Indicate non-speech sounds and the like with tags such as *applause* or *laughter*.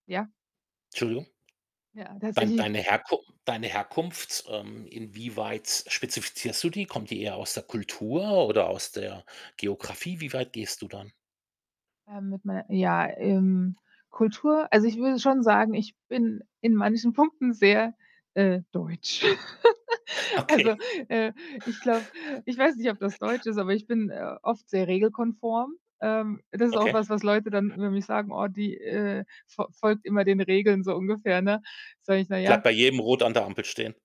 Ja. Entschuldigung. Ja, Dein tatsächlich. deine Herku deine Herkunft, ähm, inwieweit spezifizierst du die? Kommt die eher aus der Kultur oder aus der Geografie? Wie weit gehst du dann? Äh, mit mei ja, ähm, Kultur also, ich würde schon sagen, ich bin in manchen Punkten sehr, äh, deutsch. *giggles* Also, Okay. äh, ich glaube ich weiß nicht, ob das deutsch ist, aber ich bin, äh, *giggles* oft sehr regelkonform. Ähm, das ist auch Okay. was, was Leute dann über mich sagen: „Oh, die, äh, fo folgt immer den Regeln“, so ungefähr, ne? Sage ich: „Naja.“ Bleibt bei jedem Rot an der Ampel stehen.